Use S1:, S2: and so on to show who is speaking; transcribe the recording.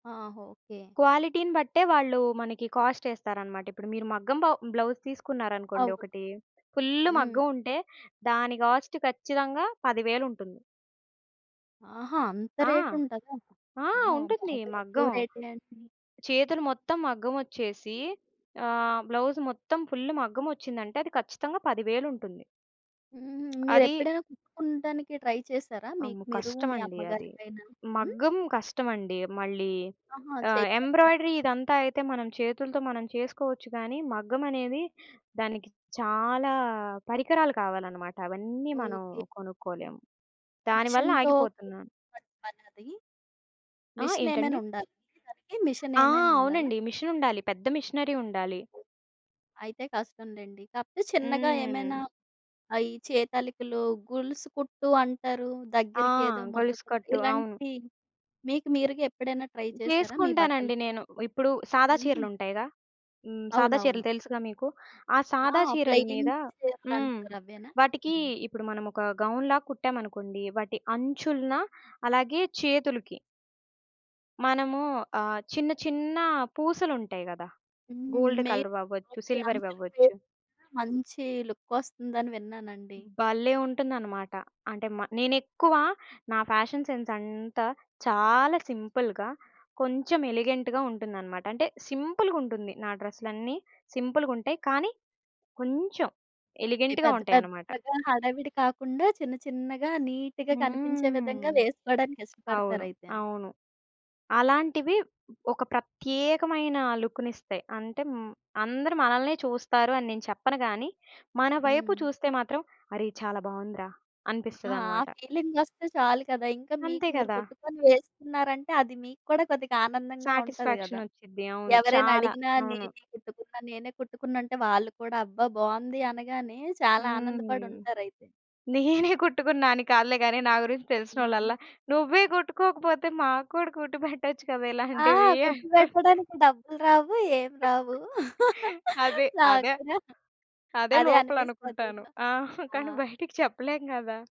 S1: ఆ! ఓకే.
S2: క్వాలిటీ‌ని బట్టే వాళ్ళు మనకి కాస్టేస్తారన్నమాట. ఇప్పుడు మీరు మగ్గం బా బ్లౌజ్ తీసుకున్నారనుకోండి
S1: అవును.
S2: ఒకటి, ఫుల్లు
S1: హ్మ్.
S2: మగ్గం ఉంటే, దాని కాస్ట్ ఖచ్చితంగా పదివేలుంటుంది.
S1: ఆహా! అంత
S2: ఆ!
S1: రేట్ ఉంటదా?
S2: ఆ!
S1: అమ్మో!
S2: ఉంటుంది.
S1: బాగా ఎక్కువ
S2: మగ్గం.
S1: రేటే అంటిని.
S2: చేతులు మొత్తం మగ్గం ఒచ్చేసి. ఆహ్, బ్లౌజ్ మొత్తం ఫుల్ మగ్గమొచ్చిందంటే, అది ఖచ్చితంగా పదివేలుంటుంది.
S1: హుహు.
S2: అది
S1: మీరెప్పుడైనా కుట్టుకునుటానికి ట్రై చేశారా?
S2: అమ్మో!
S1: మీకు మీరు, మీ
S2: కష్టమండి అది.
S1: అమ్మగారికైనా. హ్మ్.
S2: మగ్గం కష్టమండి మళ్ళీ.
S1: ఆహా!
S2: ఆహ్,
S1: చేయలేదా?
S2: ఎంబ్రాయిడరీ ఇదంతా అయితే, మనం చేతులతో మనం చేసుకోవచ్చు గాని, మగ్గమనేది దానికి చాలా పరికరాలు కావాలన్నమాట. అవన్నీ మనం
S1: ఓకే.
S2: కొనుక్కోలేము. దాని వల్ల
S1: మీషిన్‌తో
S2: ఆగిపోతునాను.
S1: కుట్టుకునే పనా అది?
S2: ఆ!
S1: మీషిన్‌ ఏమైనా
S2: ఏంటండి?
S1: ఉండాలి దానికి, మిషన్
S2: ఆ!
S1: ఏమైనా ఉండాలా?
S2: అవునండి. మీషాన్ ఉండాలి. పెద్ద మిషనరీ ఉండాలి.
S1: అయితే కష్టం లెండి. కాకపోతే చిన్నగా ఏమైనా
S2: హ్మ్.
S1: అయి చేతాలికలు, గొలుసు కుట్టు అంటారు.
S2: ఆ!
S1: దగ్గరికి ఏదో ముద్దకుట్టు,
S2: గొలుసుకట్టు. అవును.
S1: ఇలాంటివి మీకు మీరుగా ఎప్పుడైనా ట్రై చేశారా? మీ బట్టలు
S2: చేసుకుంటానండి
S1: పై
S2: నేను. ఇప్పుడు సాదా
S1: హుహు.
S2: చీరలుంటాయిగా, హ్మ్. సాదా చీరలు
S1: అవునవును.
S2: తెలుసుగా మీకు? ఆ
S1: ఆ!
S2: సాదా చీరల
S1: ప్లెయిన్
S2: మీద హ్మ్.
S1: చీరలంటారు అవేనా?
S2: వాటికి
S1: హ్మ్.
S2: ఇప్పుడు మనం ఒక గౌన్ లాగా కుట్టామనుకోండి. వాటి అంచులన అలాగే చేతులుకి. మనము ఆహ్, చిన్న, చిన్న పూసలుంటాయి గదా!
S1: హ్మ్.
S2: Gold
S1: main.
S2: కలర్ అవ్వచ్చు,
S1: ఓకే.
S2: సిల్వర్
S1: అంచులు
S2: అవ్వచ్చు.
S1: పేరు, మంచి లుకొస్తుందని విన్నానండి.
S2: హ్మ్, భలే ఉంటుందన్నమాట. అంటే మ నేనెక్కువ నా ఫ్యాషన్ సెన్స్ అంతా చాలా సింపుల్‌గా, కొంచెం ఎలిగెంట్‌గా ఉంటుందన్నమాట. అంటే సింపు‌లుగుంటుంది. నా డ్రెస్‌లన్నీ సింపులుగుంటాయి. కానీ కొంచెం,
S1: ఓకే.
S2: ఎలిగెంట్‌గా
S1: పెద్ద,
S2: ఉంటాయన్నమాట.
S1: పెద్దగా హడావిడి కాకుండా చిన్న, చిన్నగా నీట్‌గా కనిపించే
S2: హ్మ్.
S1: విధంగా వేసుకోవడానికి
S2: అవును.
S1: ఇష్టపడతారయితే.
S2: అవును. అలాంటివి ఒక ప్రత్యేకమైన లుక్కునిస్తాయి. అంటే, హ్మ్, అందరూ మనల్నే చూస్తారు అని నేను చెప్పను గాని, మన వైపు
S1: హ్మ్.
S2: చూస్తే మాత్రం అరె! ఇది చాలా బావుందిరా
S1: ఆ! ఆ
S2: అనిపిస్తదన్నమాట.
S1: ఫీలింగొస్తే చాలు కదా! ఇంకా మీకు
S2: అంతే
S1: మీరు
S2: కదా!
S1: కుట్టుకొని వేస్తున్నారంటే, అది మీకు కూడా కొద్దిగా ఆనందంగా ఉంటది గదా!
S2: సాటిస్‌ఫాక్షనొచ్చుద్ధి. అవును.
S1: ఎవరైనా
S2: చాలా.
S1: అడిగినా
S2: అవును.
S1: నేనే కుట్టుకున్నా, నేనే కుట్టుకున్నానంటే వాళ్ళు కూడా అబ్బా బావుంది అనగానే, చాలా
S2: హ్మ్.
S1: ఆనందపడుంటారు అయితే.
S2: నేనే కుట్టుకున్నా అని కాదులే గాని, నా గురించి తెలిసినోల్లల,
S1: హుహు.
S2: "నువ్వే కుట్టుకోకపోతే మాకు కూడా కుట్టి పెట్టచ్చు కదా!
S1: ఆ!
S2: ఇలాంటివి"
S1: కుట్టి
S2: అంటారు.
S1: పెట్టడానికి డబ్బులు రావు ఏమి రావు.
S2: అదే.
S1: నాకు
S2: అదే.
S1: కూడా
S2: అదే
S1: అదే అనిపిస్తది
S2: లోపలనుకుంటాను.
S1: అదేనా.
S2: ఆ! కానీ
S1: ఆ!
S2: బయటికి చెప్పలేం గదా!